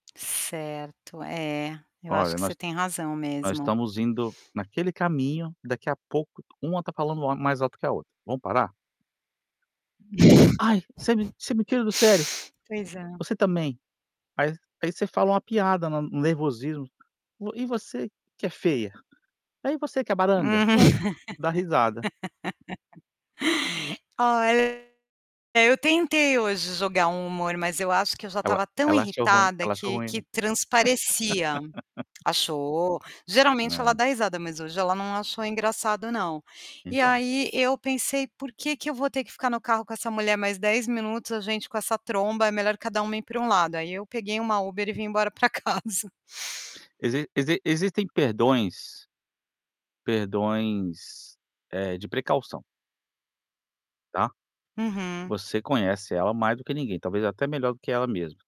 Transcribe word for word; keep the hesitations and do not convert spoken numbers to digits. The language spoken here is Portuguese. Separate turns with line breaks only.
Certo, é, eu acho
Olha,
que você
nós
tem razão
nós
mesmo.
estamos indo naquele caminho, daqui a pouco, uma tá falando ma-mais alto que a outra. Vamos parar? "Ai, você me você me tira do sério".
Pois é.
"Você também." Aí aí você fala uma piada na no nervosismos: "Vo e você que é feia?". "Ah, e você que é baranga?"
Hum.
Pronto, dá risada.
Olha, eu tentei hoje jogar um humor, mas eu acho que eu já
Ela
tava tão
ela achou ruim,
irritada
ela achou
que
ruim, né?
que transparecia. Achou. Geralmente ela
É.
dá risada, mas hoje ela não achou engraçado, não. E
Então.
aí eu pensei: "Por que que eu vou ter que ficar no carro com essa mulher mais dez minutos, a gente com essa tromba, é melhor cada uma ir para um lado". Aí eu peguei uma Uber e vim embora para casa.
Exi exi existem perdões perdões, eh, de precaução tá?
Uhum.
Você conhece ela mais do que ninguém, talvez até melhor do que ela mesma.